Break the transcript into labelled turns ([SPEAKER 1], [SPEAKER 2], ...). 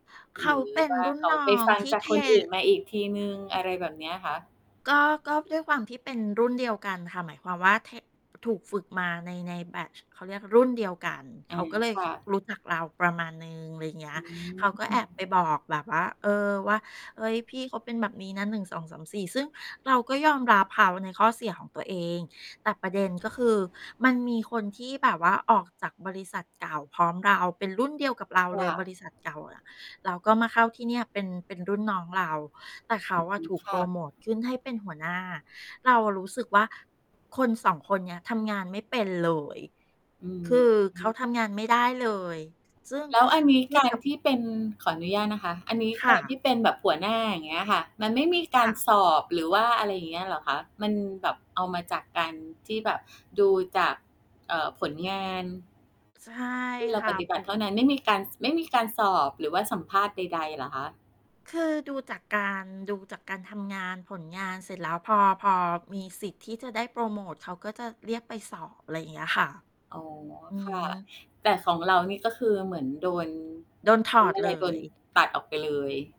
[SPEAKER 1] เข
[SPEAKER 2] หร
[SPEAKER 1] า
[SPEAKER 2] ือ
[SPEAKER 1] เป็น
[SPEAKER 2] ว่า
[SPEAKER 1] รุ่น
[SPEAKER 2] เขา
[SPEAKER 1] น้
[SPEAKER 2] ไ
[SPEAKER 1] อ
[SPEAKER 2] ป
[SPEAKER 1] ง
[SPEAKER 2] ฟัง
[SPEAKER 1] ที่
[SPEAKER 2] จา
[SPEAKER 1] เ
[SPEAKER 2] ก
[SPEAKER 1] ท
[SPEAKER 2] คนอื่นมาอีกทีหนึ่ง อะไรแบบเนี้ยคะ?
[SPEAKER 1] ก็ ก็ด้วยความที่เป็นรุ่นเดียวกันค่ะ หมายความว่า เท ถูกฝึกมาใน ๆ แบบ เขาเรียกรุ่นเดียวกัน
[SPEAKER 2] อ
[SPEAKER 1] เข
[SPEAKER 2] า
[SPEAKER 1] าก็เลย
[SPEAKER 2] ค่ะ
[SPEAKER 1] รู้จักเราประมาณหนึ่ง อะไรเงี้
[SPEAKER 2] อ
[SPEAKER 1] ย
[SPEAKER 2] ื
[SPEAKER 1] เขาก็แอบไป
[SPEAKER 2] ม
[SPEAKER 1] บอกแบบว่า เอ่อ ว่า เฮ้ย พี่เขาเป็นแบบนี้นะ 1 2 3 4 ซึ่งเราก็ยอมรับเขาในข้อเสียของตัวเอง แต่ประเด็น ก็คือ มันมีคนที่แบบว่าออกจากบริษัทเก่าพร้อมเรา เป็นรุ่นเดียวกับเรา
[SPEAKER 2] ค
[SPEAKER 1] เล
[SPEAKER 2] ่
[SPEAKER 1] ยบ
[SPEAKER 2] ะ
[SPEAKER 1] ริษัทเก่าอะ แล้วก็มาเข้าที่เนี่ยเป็น เป็นรุ่นน้องเรา แต่เข
[SPEAKER 2] อ
[SPEAKER 1] า
[SPEAKER 2] ื
[SPEAKER 1] อะ
[SPEAKER 2] ม
[SPEAKER 1] ถูก
[SPEAKER 2] ค
[SPEAKER 1] โพ
[SPEAKER 2] ่
[SPEAKER 1] ร
[SPEAKER 2] ะ
[SPEAKER 1] โมตขึ้นให้เป็นหัวหน้า เรารู้สึกว่า คน 2 คนเนี้ย ทำงานไม่เป็นเลย
[SPEAKER 2] อือ
[SPEAKER 1] คือ
[SPEAKER 2] ฮ
[SPEAKER 1] เข
[SPEAKER 2] ึ
[SPEAKER 1] าทำงานไม่ได้เลย ซึ่ง
[SPEAKER 2] แล้วอันนี้
[SPEAKER 1] เทีย
[SPEAKER 2] กา
[SPEAKER 1] บก
[SPEAKER 2] ร
[SPEAKER 1] ับ
[SPEAKER 2] ที่เป็น ขออนุญาตนะคะ อันนี้
[SPEAKER 1] ค
[SPEAKER 2] ก
[SPEAKER 1] ่
[SPEAKER 2] าร
[SPEAKER 1] ะ
[SPEAKER 2] ที่เป็นแบบหัวหน้าอย่างเงี้ยอะค่ะ มันไม่มีก
[SPEAKER 1] ค
[SPEAKER 2] า
[SPEAKER 1] ่
[SPEAKER 2] ร
[SPEAKER 1] ะ
[SPEAKER 2] สอบหรือว่า อะไรอย่างเงี้ยเหรอคะ? มันแบบเอามาจากการที่แบบดูจาก เอ่อ ผลงาน
[SPEAKER 1] ใช่
[SPEAKER 2] ที่เรา
[SPEAKER 1] ค่ะ
[SPEAKER 2] ปฏิบ
[SPEAKER 1] ถ
[SPEAKER 2] ั
[SPEAKER 1] ู
[SPEAKER 2] ติเ
[SPEAKER 1] ก
[SPEAKER 2] ท่านั้น ไม่มีการ ส ไม่มีการสอบหรือว่าสัมภาษณ์ใด ๆ เหรอคะ?
[SPEAKER 1] คือดูจากการ ดูจากการทำงาน ผลงาน เสร็จแล้ว พอ พอมีสิทธิ์ที่จะได้โพรโมต เขาก็จะเรียกไปสอบ อะไรอย่างเงี้ยค่ะ
[SPEAKER 2] อ๋อ
[SPEAKER 1] อื
[SPEAKER 2] ค่ะ
[SPEAKER 1] ม
[SPEAKER 2] แต่ของเรานี่ ก็คือเหมือนโดน
[SPEAKER 1] โดนถ
[SPEAKER 2] เขา
[SPEAKER 1] อ
[SPEAKER 2] เ
[SPEAKER 1] ด
[SPEAKER 2] รียกอะ
[SPEAKER 1] เ
[SPEAKER 2] ไ
[SPEAKER 1] ล
[SPEAKER 2] ร โดน
[SPEAKER 1] ย
[SPEAKER 2] ตัดออกไปเลย